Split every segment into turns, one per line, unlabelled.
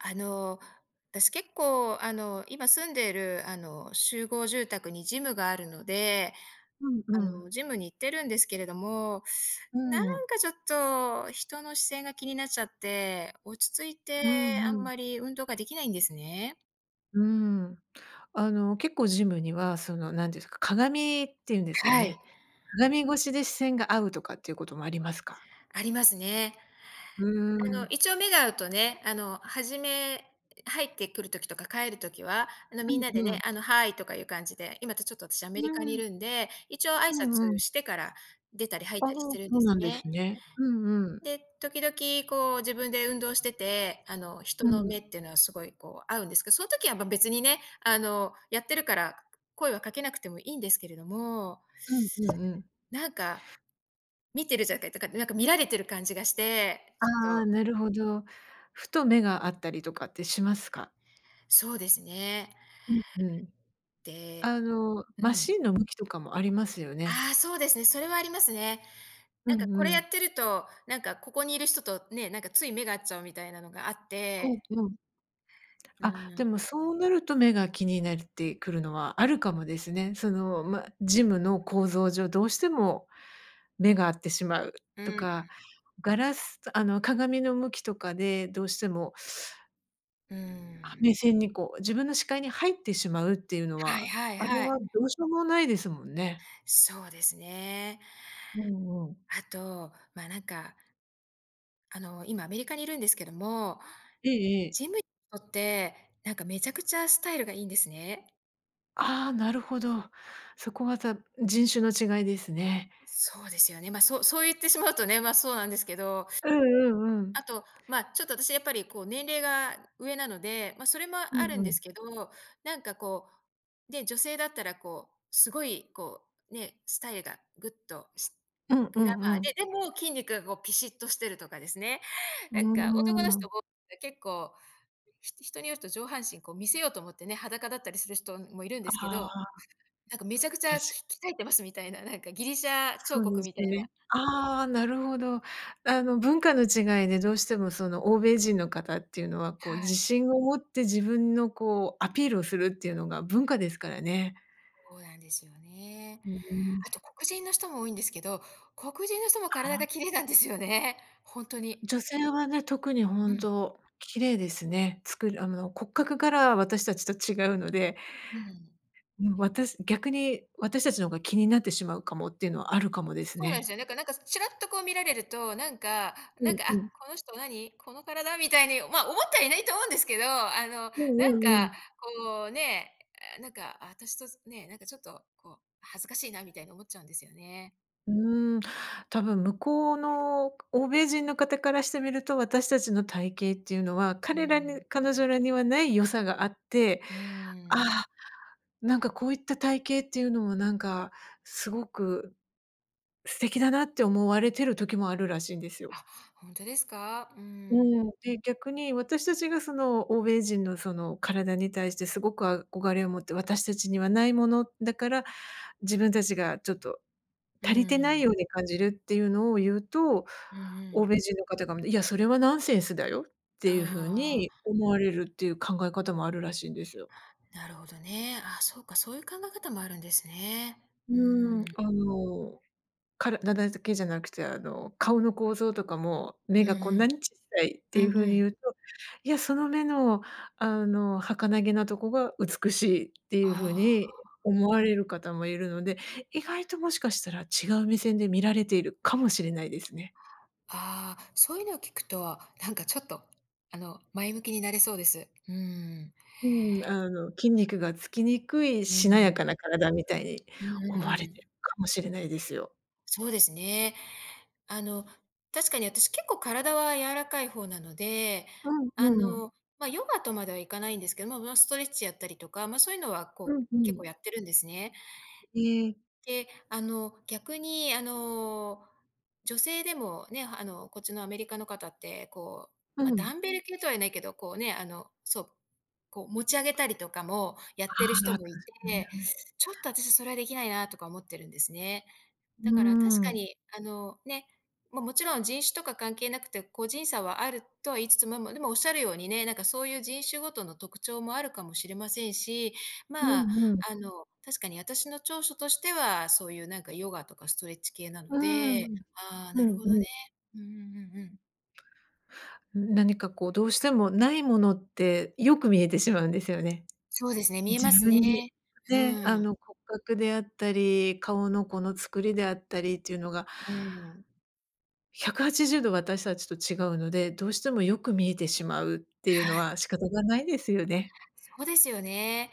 あの、私結構、あの、今住んでいる、あの、集合住宅にジムがあるので、
うんう
あ
ん。
の、ジムに行ってるんですけれども、
う
な
ーん。
んか、ちょっと人の視線が気になっちゃって、落ち着いて
うーん、
あ
う
ん
ん。
まり運動ができないんですね。
うーん。あの、結構ジムには、その、何ですか、鏡っていうんですか
はい。
ね、鏡越しで視線が合うとかっていうこともありますか？
ありますね。
う
あ
ー
の、
ん。
一応目が合うとね、あの、初め入ってくる時とか帰る時は、あの、
う
みん
ん
なで
う
ね、
ん。
あの Hi! とかいう感じで。今ちょっと私ア
う
メリカに
ー
い
ん。
るんで、一応挨
うんう
拶
ん。
してから出たり入っ
ああ、
たりしてるん
そ
で
う
す
なんで
ね。
すね。うんうん。
で、時々、こう、自分で運動してて、あの、人
う
の
ん。
目っていうのはすごい、こう、合うんですけど、その時は、ま、別にね、あの、やってるから、声はかけなくてもいいんですけれども。
うんうんうん。
なんか、見てるじゃかいとか、なんか、見られてる感じがして、
あ
ちょっ
あ、
と。
なるほど。ふと目が合ったりとかってしますか？
そうですね。
うんうん。
で
あの、
う
マ
ん。
シーンの向きとかもありますよね。
ああ、そうですね、それはありますね。
う
なんか、
ん
こ
う
れや
ん。
ってると、なんか、ここにいる人と、ね、なんか、つい目が合っちゃうみたいなのがあっ
うん
て。
うん。
う
あ、
ーん。
でもそうなると目が気になってくるのはあるかもですね。その、ま、ジムの構造上、どうしても目が合ってしまう
う
と
ーん。
か、ガラスあの、鏡の向きとかでどうしても
うー
あ、
ん。
目線に、こう、自分の視界に入ってしまうっていうの
はい
は、
はい
あれ
はい。
はどうしようもないですもんね。
そうですね。
うんうん。
あと、まあ、なんか、あの、今アメリカにいるんですけども、
ええええ。
ジムいとって、なんか、めちゃくちゃスタイルがいいんですね。
ああ、なるほど。そこは、じゃ、ん、人種の違いですね。
うそうですよね。ま、そそう言ってしまうとね、ま、そうなんですけど。
うんうんうん。
あと、まあ、ちょっと私やっぱりこう年齢が上なので、ま、それも
う
ある
ん
ん
う
で
ん。
すけど、なんかこう、ね、女性だったらこう、すごいこう、ね、スタイルがグッとし
うんう
グラ
ん
マ
う
ーで、
ん。
でも筋肉がごうピシッとしてるとかですね、
う
なんか
ー
男の人
ん。
もな結構ひ人によると上半身こう、見せようと思ってね、裸だったりする人もいるんで
あ
すけど、
あ。
なんかめちゃくち
た
ゃ、
し
き鍛えてますみたいな、なんかギリシャ彫
そう
刻
です
みたい
ね。
な。
ああ、なるほど。あの文化の違いで、どうしてもその欧米人の方っていうのは、こう
はい。
自信を持って、自分のこう、アピールをするっていうのが、文化ですからね。
そうなんですよね。
うーん。
あと黒人の人も多いんですけど、黒人の人も体
ああ。
がきれいなんですよね、ほんとに。
女性はね、特に
う
本
ん。
当きれいですね。作りあの骨格から、私たちと違うので。
ううん。
うん、私逆に私たちの方が、気になってしまうかもっていうのは、あるかも
う
です
そうなんで
ね。
すよね。だからなんか、ちらっとこう見られると、なんか
う
なん
ん
か、「あ、
うん。
この人何？この体」みたいに、ま、思ってはいないと思うんですけど、あの、
うん
な
う
ん
んう
か、
ん。
こうね、あ、なんか私とすね、なんかちょっとこう、恥ずかしいなみたいに思っちゃうんですよね。
うーん、多分向こうの欧米人の方からしてみると、私たちの体型っていうのは
うー
彼らに
ん。
彼女らにはない良さがあって
うーん。
「あ、なんかこういった体型っていうのもなんか、すごく素敵だな」って思われてる時もあるらしいんですよ。
あ、ほんとですか？うー
う
ん。
ん。で、逆に私たちが、その欧米人の、その体に対してすごく憧れを持って、私たちにはないものだから、自分たちがちょっと
うー
足りてない
ん。
ように感じるっていうのを言うと、
うんう
欧
ん。
米人の方が、「いや、それはナンセンスだよ」っていうふう
あ
に
あ。
思われるっていう考え方もあるらしいんですよ。
なるほどね。あ、そうか、そういう考え方もあるんですね。
う
うー
ーん、
ん。
あの、体だづけじゃなくて、あの、顔の構造とかも、
う
「目がこ
ん
ん
うん。
なに小さい」っ
う
ていうふ
ん
う
う
に言
ん。
うと、「いや、その目のあの儚げなとこが美しい」っていうふう
あ
に
あ。
思われる方もいるので、意外ともしかしたら違う目線で見られているかもしれないですね。
ああ、そういうのを聞くと、あ、なんかちょっと、あの前向きになれそうです。うーん。
うん、あの筋肉がつきにくい
うんう
しなやか
ん。
な体みたいに
うん
思
うんう
われて
ん。
るかもしれないですよ。
そうですね。あの、確かに、私結構体は柔らかい方なので、
う
あ
んうん。
の、ま、ヨガとまではいかないんですけども、まま、ストレッチやったりとか、ま、そういうのは、
う
こう、
んう
結構
ん。
やってるんですね。
ええ。
で、あの、逆に、あの、女性でもね、あの、こっちのアメリカの方って、こう、
う
ま、ダ
ん。
ンベル系とは言えないけど、こうね、あの、そう、こう持ち上げたりとかもや
あ
ってる
あ、
人
[unintelligible] だ
もいて、
ね。
ちょっと私それはできないなとか思ってるんですね。
う
だから確
ー
か
ん。
に、あの、ね、ま、もちろん人種とか関係なくて、個人差はあるとは言いつつ、まま、でもおっしゃるようにね、なんかそういう人種ごとの特徴もあるかもしれませんし、
う
まあ、
んうん。
あの、確かに私の長所としては、そういう、なんか、ヨガとかストレッチ系なの
うー
で。
ん
ああ、
う
なる
ん
ほ
う
ど
ん
ね、
うん。
うんうんうんうん。
何か、こう、どうしても、ないものって、よく見えてしまうんですよね。
そうですね、見え
自
ます
分に
ね。う
ね、あ
ーん。
の、骨格であったり顔のこの作りであったりっていうのが
うーん。
180度私たちと違うので、どうしてもよく見えてしまうっていう
は
の
い。
は仕方がないですよね。
そうですよね。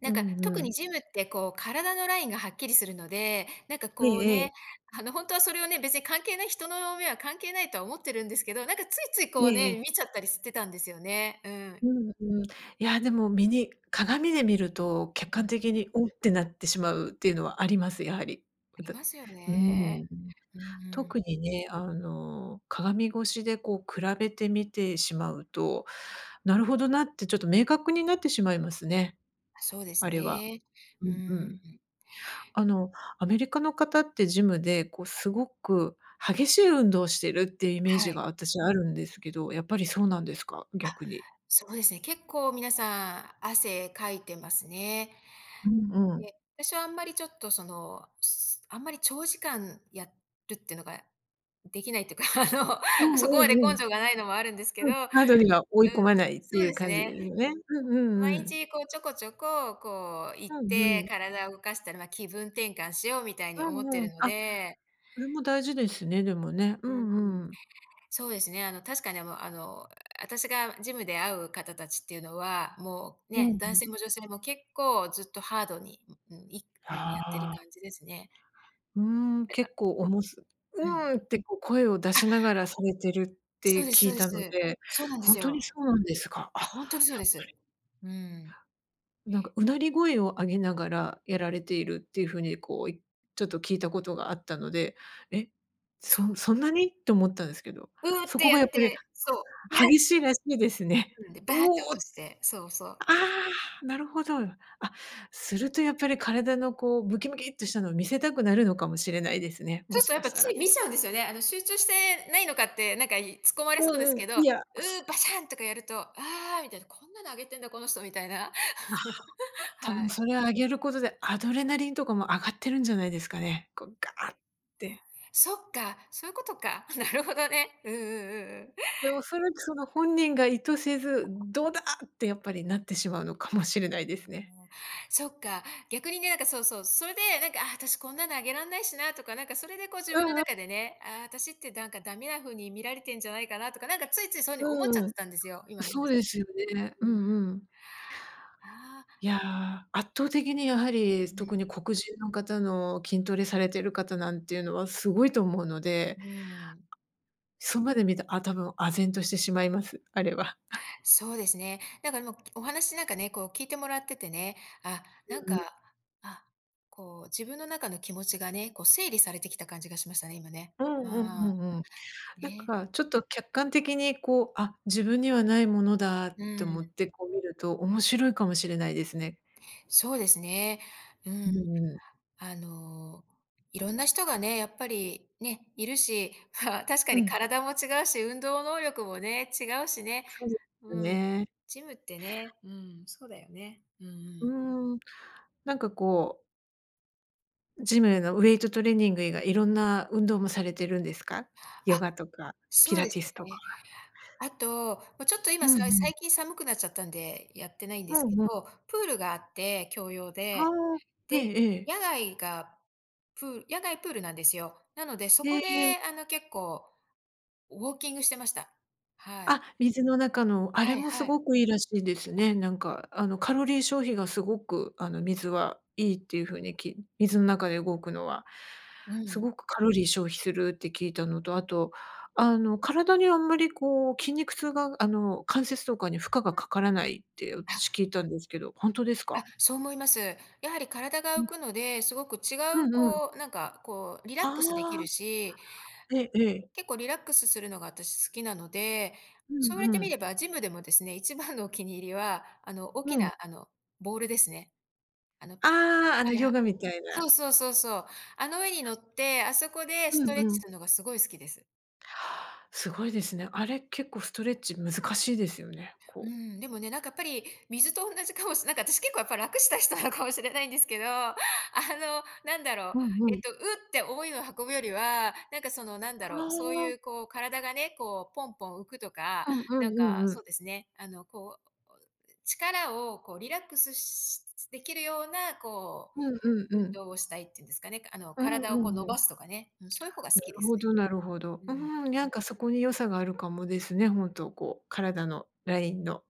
なん
う
か、
ん
特
うん。
にジムって、こう、体のラインがはっきりするので、なんか、
え
こう
えええ。
ね、あの、ほんとはそれをね、別に関係ない、人の目は関係ないとは思ってるんですけど、なんか、ついついこ
え
う
ええ
ね、見
え。
ちゃったりしてたんですよね、うん。
うんうん。いや、でも見に鏡で見ると、客
う
観
ん。
的に、「おっ」てなってしまうっていうのはあります、やはり。
あ
わ
り
たう
ますよ
ー
ね、
ん。
うーん。
特にね、あの、鏡越しでこう比べてみてしまうと、「なるほどな」ってちょっと明確になってしまいますね。
あ、そうです
あれは、
ね、
う
う
んう
ー
ん。
ん。
あの、アメリカの方ってジムで、こう、すごく激しい運動をしてるっていうイメー
は
ジ
い。
があたしはあるんですけど、やっぱりそうなんですか？
あ、
逆に。
そうですね、結構皆さん、汗かいてますね。
うんうん。
で、私はあんまりちょっと、その、すあんまり長時間やるってのができないっていうか、あの、
うん
そこ
う
まで
んう
根
ん。
性がないのもあるんですけ
う
ど
ん。
うん、
ハードには追い込まないって
そう
い
で
う
す
感じ
ね。
ですね。うんうんう
毎
ん。
日、こう、ちょこちょこ、こう、行っ
うんう
て、
ん。
体を動かしたら、ま、気分転換しようみたい
う
に思って
んう
る
ん、
の
あ、
で。
それも大事ですね、でもね、う
うんうん。
んうん。
そうですね、あの、確かに、あ、もう、あの、あたしがジムで会う方達っていうのは、もう、
うん
ね、
う
男
ん。
性も女性も結構ずっとハードに、んうん、いくもうやってる
ああ。
感じですね。
うーん、
なんか
結構おもす
うん。
「うーん」って、こ、声を出
あ
しながらされてるっ
そう
て
です
聞
そ
い
うで
たの
す。
で、
そうなんで
ほ
す
んとに
よ。
そうなんですか。あ、
あ、ほんとにそう
やっ
で
ぱ
す。
り。
うーん。
なんか、うなり声を上げながらやられているっていう風に、こう、いちょっと聞いたことがあったので、「え、
そ
そ
う。
んそんなに」って思ったんですけど。
「うう」っ
そ
て
こ
や
がやっ
っ
ぱり
てそう、バ
激しいらしいです
っ
ね。
でバ
「う
っ
お
て落
お」
と
あ
して、そうそう。
あ、なるほど。あ、するとやっぱり体のこうムキムキっとしたのを見せたくなるのかもしれないですね、
そ
も
うすっ
し
とやっ
か
ぱ
した
つ
ら。
い見ちゃうんですよね。あの、集中してないのかって、なんか、い突っ込まれそ
う
うで
ん
す
うん、
けど、「う
いや、
う」バシャ ーンとかやると、「ああ」みたいな、「こんなのあげてんだ、この人」みたいな。
ああ、た
は
ぶん
い。
それは上げることでアドレナリンとかも上がってるんじゃないですかね、こう、ガーって。
そっか、そういうことか。なるほどね。うんうんうんうん。
で、おそらくその本人が意図せず、「どうだ」ってやっぱりなってしまうのかもしれないで
うー
す
ん、
ね。
そっか。逆にね、なんか、そうそう、それで、なんか、「ああ、私こんなのあげらんないしな」とか、なんか、それで、こう、自分
う
の
んうん。
中でね、「ああ、私ってなんかダメな風に見られてんじゃないかな」とか、なんか、ついついそういう風に思っちゃ
う
っ
ーん。
てたんですよ、今の
そ
話
うですよね。う
うん。
んうん。
ああ。
いや、圧倒的にやはり
うん。
特に黒人の方の筋トレされてる方なんていうのは、すごいと思うので。
うーん。
側で見た、あ多分唖然としてしまいます、あれは。
そうですね、なんか、もうお話、なんかね、こう、聞いてもらっててね、あ、なん
うんうん。
か、あ、こう、自分の中の気持ちがね、こう、整理されてきた感じがしましたね、今ね。
う
う
んうんう
ーん。
んうん。なん
ね。
か、ちょっと客観的に、こう、「あ、自分にはないものだ」っ
う
て
ー
思
ん。
って、こう、見ると面白いかもしれないですね。
そうですね、う
うむ
ん。
うむ。
あの、いろんな人がね、やっぱりね、いるし、は確か
う
に
ん。
体も違うし、運動能力もね、違うしね、
そうです
うん。
ね。
ジムってね、うん、そうだよね。うんう
う
ん。
ーん、なんか、こうジムのウエイトトレーニング以外、いろんな運動もされてるんですか？ヨ
あ、
ガとかピ
そう
ラ
で
テ
す
ィスとか。
ね。あと、ま、ちょっと今、
うん
さい
う
最
ん。
近寒くなっちゃったんで、やってないんで
ふ
すけ
ん、うん。
ど、プールがあって、共用で。
はあ、え
で、
えええ。
野外がプ野外プールなんですよ。なので、そ
へ
こ
え。
で、あの、結構、ウォーキングしてました。はい。
あ、水の中の。あ
は
れ
い
もす
はい。
ごくいいらしいですね、なんか。あの、カロリー消費がすごく、あの、水はいいっていうふうにき水ん中で動くのは、
う
すご
ん。
くカロリー消費するって聞いたのと、あと、あの、体にあんまり、こう、筋肉痛が、あの、関節とかに負荷がかからないって、私
あ。
聞いたんですけど、ほんとです
あ、
か？
そう思います。やはり体が
う
浮
ん。
くので、すごく違う、
うんうん。
こう、なんか、こう、リラッ
あ
クスでき
あ。
るし、
ええええ。
結構リラックスするのが、私好きなので、
う
そうやって
んう
み
ん。
ればジムでもですね、一番のお気に入りは、あの、大
う
き
ん。
な、あの、ボールですね。あの
ああ、あ
は
の
い、
ヨ
は
ガみたい
そ
な。
うそうそうそう。あの上に乗って、あそこでス
う
ト
ん
レッチ
うん。
するのがすごい好きです。
すごいですね。あれ結構ストレッチ難しいですよね、
うー
こう
ん、でもね、なんかやっぱり、水とおんなじかもしなんか、あたし、結構やっぱ楽したい人なのかもしれないんですけど、あの、なんだろう、
うんう
えっ
ん。
と、ウッて重いのを運ぶよりは、なんかその、なんだ
あ
ろう、そうゆ
あ。
う、こう、体がね、こうポンポン浮くとか、
うんう
なんか、
んうんう
そ
ん。
うですね、あの、こう、お、力をこう、リラックスしできるような、こ
うんうん
う、
う
運
ん。
動をしたいっていうんですかね、あの、
うん
体
う
をこう
ん
伸
うん。
ばすとかね、うん、そういう方が好
な
きで
る
す
ほ
ね。
どなるほど。
う
うー
ん。
ん、なんかそこに良さがあるかもですね、ほんとこう、体の、ライ
うん。
ンの。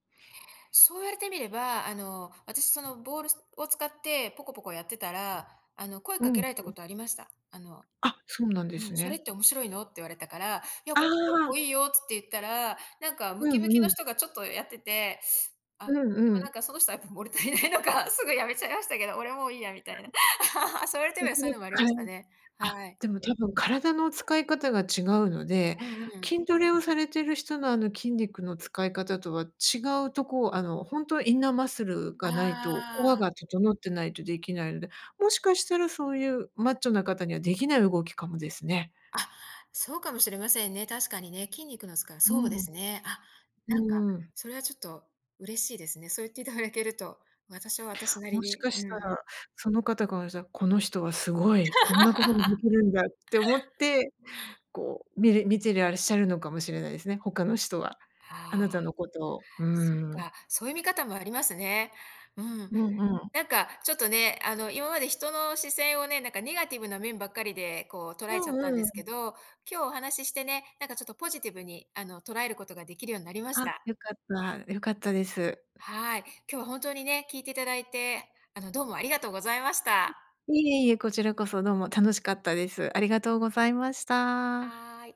そう言われてみれば、あの、私そのボール、すを使ってポコポコやってたら、あの、声
う
かけ
ん、
られた
そうで
こ
す。
とありました。あの、
あ、そうなんで
う
す
ん、「それっ
ね。
て面白いの？」って言われたから「いや、
あ
これ結
あ。
構いいよ」つって言ったら、なんかム
う
キムキ
んう
の
ん。
人がちょっとやってて、あ、
うん
でも、
う
な
ん。
んかその人はやっぱ物足りないのか、すぐやめちゃいましたけど。俺もういいやみたいな。そう言われてみれ
別
ばそうい
で
うのもありま
使い
したね。
あ、
はい。
でもたぶん体の使い方が違うので、
うんうん。
筋トレをされてる人の、あの、筋肉の使い方とは違うとこをあの、ほんとはインナーマッスルがないと、コア
ああ。
が整ってないとできないので、もしかしたらそうゆうマッチョな方にはできない動きかもですね。
あ、そうかもしれませんね、確かにね。筋肉の使い
う
そうです
ん。
ね。あ、なんか、
うーん。
それはちょっと嬉しいですね。そう言っていただけると、私は私なり
もし
に、
かし
う
た
ん。
ら、その方が、じゃ、この人はすごい、こんなことがで きるんだって思って、こう、みれ見てらっしゃるのかもしれないですね、他の人は、あ
あ
な
あ。
たのことを、う
そっ
ーん。
か、そゆ見方もありますね。うん。
うんうん。
なんか、ちょっとね、あの、今まで人の視線をね、なんかネガティブな面ばっかりで、こう捉えちゃったん
う
で
んう
すけ
ん。
ど、今日お話してね、なんかちょっとポジティブに、あの、捉えることができるようになりまし
あ、
た。
よかった、よかったです。
はい。今日は本当にね、聞いていただいて、あの、どうもあり
あ、
がとうございました。
いえいえ、こちらこそどうも楽しかったです。ありがとうございました。
はい。